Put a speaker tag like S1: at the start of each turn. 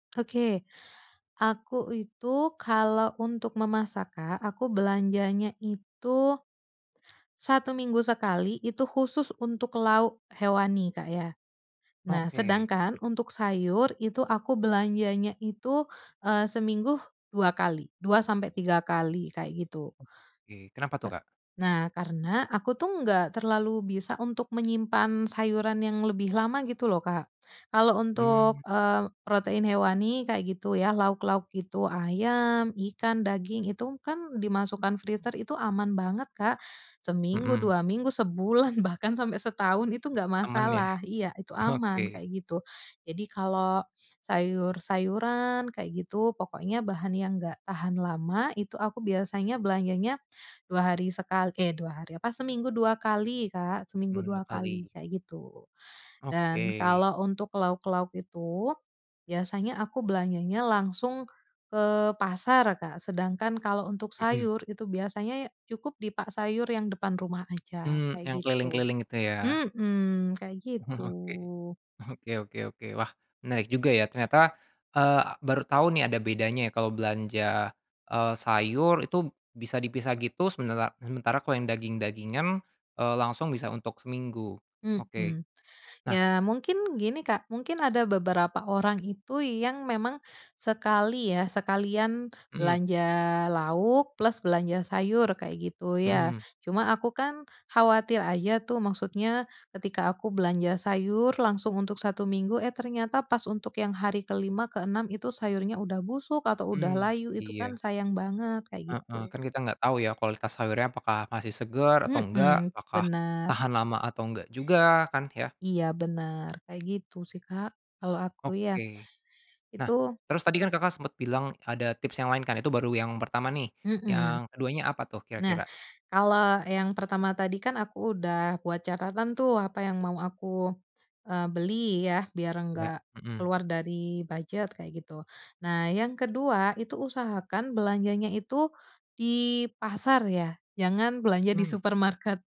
S1: Oke, aku itu, kalau untuk memasak, Kak, aku belanjanya itu 1 minggu sekali, itu khusus untuk lauk hewani, Kak, ya. Nah,
S2: Oke.
S1: sedangkan untuk sayur, itu aku belanjanya itu, eee, seminggu 2 kali, 2-3 kali, kayak gitu.
S2: Ke. Kenapa tuh,
S1: Sat
S2: Kak?
S1: nah, karena, aku tuh nggak terlalu bisa untuk menyimpan sayuran yang lebih lama, gitu lo, Kak. Kalau
S2: Mmm.
S1: untuk, eee, protein hewani, kayak gitu ya, lauk-lauk gitu, ayam, ikan, daging, itu kan dimasukkan freezer itu aman banget, Kak, seminggu,
S2: Mhm.
S1: 2 minggu, sebulan, bahkan sampai setahun itu enggak
S2: Aman, ya?
S1: masalah. Iya, itu aman,
S2: Oke.
S1: kayak gitu. Jadi kalau sayur-sayuran, kayak gitu, pokoknya bahan yang enggak tahan lama, itu aku biasanya belanjanya 2 hari sekal eh, 2 hari. Apa, seminggu 2 kali, Kak, seminggu
S2: Mmm, 2
S1: 2 kali,
S2: kali.
S1: kayak gitu. Dan,
S2: Oke.
S1: kalau untuk lauk-lauk itu, biasanya aku belanjanya langsung ke pasar, Kak. Sedangkan, kalau untuk
S2: Mhm.
S1: sayur, itu biasanya ya cukup di pak sayur yang depan rumah aja,
S2: Mmm, yang
S1: kayak gitu.
S2: keliling-keliling itu, ya.
S1: Mhm, kayak
S2: Oke.
S1: gitu.
S2: Oke oke oke. Wah, menarik juga, ya. Ternyata, eee, baru tahu nih, ada bedanya ya, kalau belanja, eee, sayur itu bisa dipisah gitu, semenela sementara kalau yang daging-dagingan, eee, langsung bisa untuk seminggu. Oke.
S1: Mhm.
S2: Nah
S1: Ya, mungkin gini, Kak, mungkin ada beberapa orang itu yang memang sekali, ya, sekalian
S2: Mhm.
S1: belanja lauk, plus belanja sayur, kayak gitu, ya.
S2: Mhm.
S1: Cuma aku kan khawatir aja tuh. Maksudnya, ketika aku belanja sayur langsung untuk 1 minggu, eh, ternyata pas untuk yang hari ke-5, ke-6 itu sayurnya udah busuk atau udah
S2: Mmm,
S1: layu, itu
S2: iya.
S1: kan sayang banget, kayak
S2: Heeh.
S1: gitu.
S2: Kan kita nggak tahu ya, kualitas sayurnya apakah masih segar atau enggak,
S1: Mhm,
S2: apakah
S1: benar.
S2: tahan lama atau enggak juga, kan, ya?
S1: Iya, benar. Kayak gitu sih, Kak, kalau aku, ya.
S2: Oke. Nah,
S1: Itu
S2: terus tadi kan Kakak sempet bilang, ada tips yang lain, kan. Itu baru yang pertama, nih.
S1: Mhm.
S2: Yang keduanya apa tuh,
S1: Nah,
S2: kira-kira?
S1: kalau yang pertama tadi kan aku udah buat catatan tuh, apa yang mau aku, eee, beli, ya, biar
S2: Ya.
S1: enggak
S2: Mhm.
S1: keluar dari bujet, kayak gitu. Nah, yang ke-2, itu usahakan belanjanya itu di pasar ya, jangan belanja di
S2: Mmm.
S1: supermarket.